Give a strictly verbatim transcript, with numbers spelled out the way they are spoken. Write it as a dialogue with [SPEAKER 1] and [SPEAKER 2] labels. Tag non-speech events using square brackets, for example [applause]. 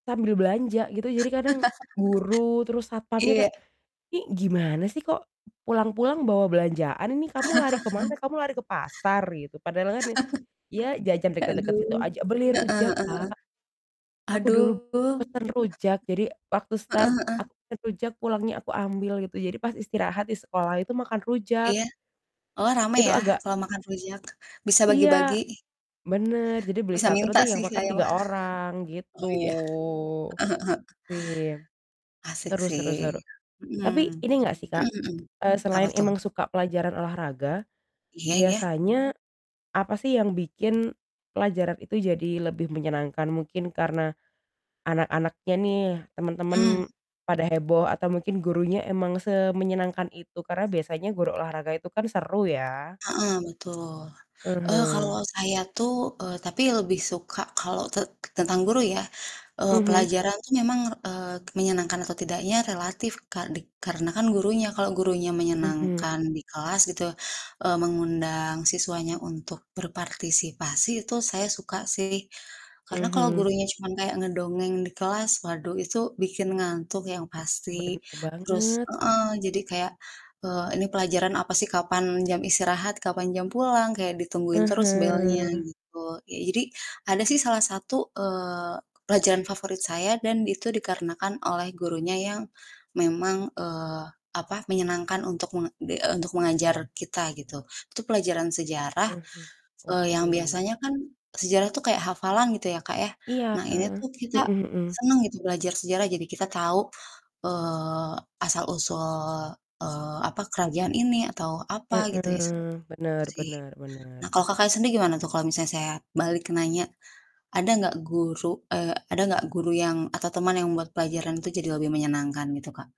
[SPEAKER 1] Sambil belanja gitu.
[SPEAKER 2] [laughs]
[SPEAKER 1] Jadi kadang guru terus satpamnya
[SPEAKER 2] Iya.
[SPEAKER 1] kayak, "Ini gimana sih kok, pulang-pulang bawa belanjaan? Ini kamu lari ke mana?
[SPEAKER 2] [laughs]
[SPEAKER 1] Kamu lari ke pasar?" Gitu. Padahal kan, ya jajan
[SPEAKER 2] [laughs]
[SPEAKER 1] dekat-dekat situ
[SPEAKER 2] Aduh.
[SPEAKER 1] aja. Beli
[SPEAKER 2] Heeh heeh
[SPEAKER 1] rujak,
[SPEAKER 2] heeh.
[SPEAKER 1] Kak. Aku
[SPEAKER 2] Aduh.
[SPEAKER 1] dulu pesan rujak. Jadi waktu
[SPEAKER 2] [laughs] Heeh
[SPEAKER 1] start,
[SPEAKER 2] heeh.
[SPEAKER 1] aku pesan rujak, pulangnya aku ambil gitu. Jadi pas istirahat di sekolah itu makan rujak.
[SPEAKER 2] Iya. Oh, rame
[SPEAKER 1] Itu
[SPEAKER 2] ya
[SPEAKER 1] agak
[SPEAKER 2] kalau makan rujak, bisa
[SPEAKER 1] Iya,
[SPEAKER 2] bagi-bagi.
[SPEAKER 1] bener. Jadi beli
[SPEAKER 2] Bisa
[SPEAKER 1] satu
[SPEAKER 2] minta
[SPEAKER 1] nanti yang
[SPEAKER 2] sih,
[SPEAKER 1] makan
[SPEAKER 2] saya mah.
[SPEAKER 1] tiga orang,
[SPEAKER 2] [chuckles]
[SPEAKER 1] gitu.
[SPEAKER 2] Oh, iya. Heeh heeh heeh.
[SPEAKER 1] Wih,
[SPEAKER 2] Asik
[SPEAKER 1] seru
[SPEAKER 2] sih,
[SPEAKER 1] seru seru.
[SPEAKER 2] mhm,
[SPEAKER 1] Tapi ini enggak sih, Kak,
[SPEAKER 2] mhm mhm,
[SPEAKER 1] eee,
[SPEAKER 2] apa
[SPEAKER 1] selain
[SPEAKER 2] tuh?
[SPEAKER 1] emang suka pelajaran olahraga,
[SPEAKER 2] Iya iya.
[SPEAKER 1] biasanya apa sih, yang bikin pelajaran itu jadi lebih menyenangkan? Mungkin karena anak-anaknya nih, teman-teman
[SPEAKER 2] Mmm.
[SPEAKER 1] pada heboh, atau mungkin gurunya emang semenyenangkan itu, karena biasanya guru olahraga itu kan seru ya.
[SPEAKER 2] Heeh, betul.
[SPEAKER 1] Ah
[SPEAKER 2] Eee,
[SPEAKER 1] hah.
[SPEAKER 2] kalau saya tuh, eee, tapi lebih suka kalau te tentang guru ya, eee,
[SPEAKER 1] Mhm.
[SPEAKER 2] pelajaran tuh memang, eee, menyenangkan atau tidaknya relatif, Kak, dik karena kan gurunya. Kalau gurunya
[SPEAKER 1] Mhm.
[SPEAKER 2] menyenangkan di kelas gitu, eee, mengundang siswanya untuk berpartisipasi, itu saya suka sih. Karena kalau
[SPEAKER 1] Mhm.
[SPEAKER 2] gurunya cuman kayak ngedongeng di kelas, waduh, itu bikin ngantuk yang
[SPEAKER 1] Bener
[SPEAKER 2] pasti. Terus
[SPEAKER 1] banget.
[SPEAKER 2] heeh, jadi kayak, eee, ini pelajaran apa sih, kapan jam istirahat, kapan jam pulang, kayak ditungguin
[SPEAKER 1] Ah
[SPEAKER 2] terus belnya,
[SPEAKER 1] hah.
[SPEAKER 2] gitu. Ya, jadi ada sih salah satu, eee, pelajaran favorit saya dan itu dikarenakan oleh gurunya yang memang, eee, apa, menyenangkan untuk menga di eee, mengajar kita gitu. Itu pelajaran sejarah,
[SPEAKER 1] Ah hah.
[SPEAKER 2] eee, yang
[SPEAKER 1] Oke.
[SPEAKER 2] biasanya kan sejarah tuh kayak hafalan gitu ya, Kak, ya.
[SPEAKER 1] Iya.
[SPEAKER 2] Nah, ini tuh kita
[SPEAKER 1] Mhm mhm.
[SPEAKER 2] senang gitu belajar sejarah, jadi kita tahu, eee, asal-usul, eee, apa, kerajaan ini atau apa gitu ya, seperti
[SPEAKER 1] Heeh,
[SPEAKER 2] itu
[SPEAKER 1] benar
[SPEAKER 2] sih.
[SPEAKER 1] benar benar.
[SPEAKER 2] Nah, kalau Kakaknya sendiri gimana tuh kalau misalnya saya balik nanya, ada nggak guru, eee, ada nggak guru yang atau teman yang buat pelajaran itu jadi lebih menyenangkan gitu, Kak?